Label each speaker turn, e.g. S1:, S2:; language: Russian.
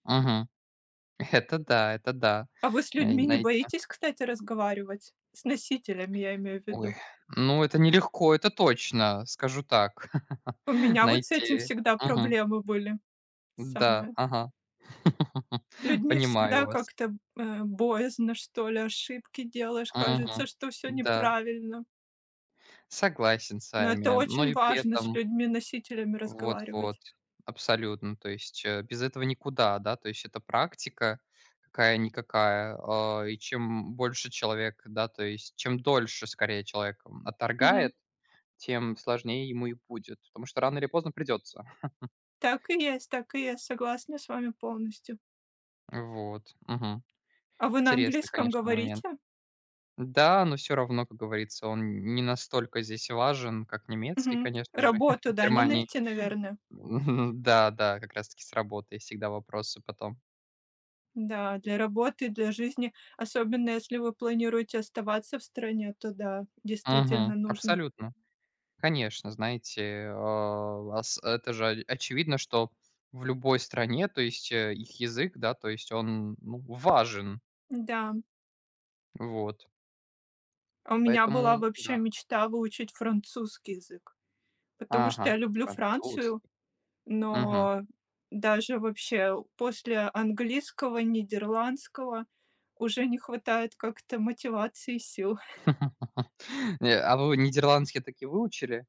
S1: Мгм. Это да это да,
S2: А вы с
S1: знае
S2: людьми не
S1: знаете.
S2: боитесь, кстати, разговаривать? С носителями, я имею в виду.
S1: Ой, ну, это нелегко, это точно, скажу так.
S2: У меня вот с этим
S1: Знаете,
S2: всегда
S1: мгм.
S2: проблемы были.
S1: М-да,
S2: Самое.
S1: ага,
S2: С людьми
S1: понимаю
S2: всегда
S1: вас.
S2: как-то, э, боязно, что ли, ошибки делаешь,
S1: Мгм,
S2: кажется, что всё
S1: да.
S2: неправильно.
S1: Согласен с
S2: Но это
S1: вами. Но
S2: очень
S1: и при
S2: важно с
S1: этом
S2: людьми-носителями
S1: Вот вот
S2: разговаривать.
S1: абсолютно. То есть, э, без этого никуда. Да, то есть это практика какая-никакая. А, и чем, м, больше человек, да, то есть Чем дольше, скорее, человек, м,
S2: Мгм.
S1: отторгает, тем сложнее ему и будет, потому что рано или поздно придется.
S2: Так и есть, так и есть, я согласна с вами полностью.
S1: Вот, мгм.
S2: А вы на
S1: Интересный,
S2: английском
S1: конечно, момент.
S2: говорите?
S1: Да, но всё равно, как говорится, он не настолько здесь важен, как немецкий,
S2: Мгм.
S1: конечно же,
S2: Работу,
S1: в
S2: да, не
S1: Германии.
S2: найти, наверное?
S1: Мгм, да, да, как раз-таки с работой всегда вопросы потом.
S2: Да, для работы, для жизни, особенно если вы планируете оставаться в стране, то да, действительно
S1: Мгм,
S2: нужно.
S1: абсолютно. Конечно, знаете, а, ас это же о очевидно, что в любой стране, то есть их язык, да, то есть он, ну, важен.
S2: Да.
S1: Вот.
S2: А у меня была
S1: Поэтому,
S2: вообще
S1: да.
S2: мечта выучить французский язык, потому что
S1: Ага,
S2: я люблю Францию,
S1: французский. Мгм.
S2: но даже вообще у после английского, нидерландского уже не хватает как-то мотивации и сил.
S1: Не, а вы нидерландский таки выучили?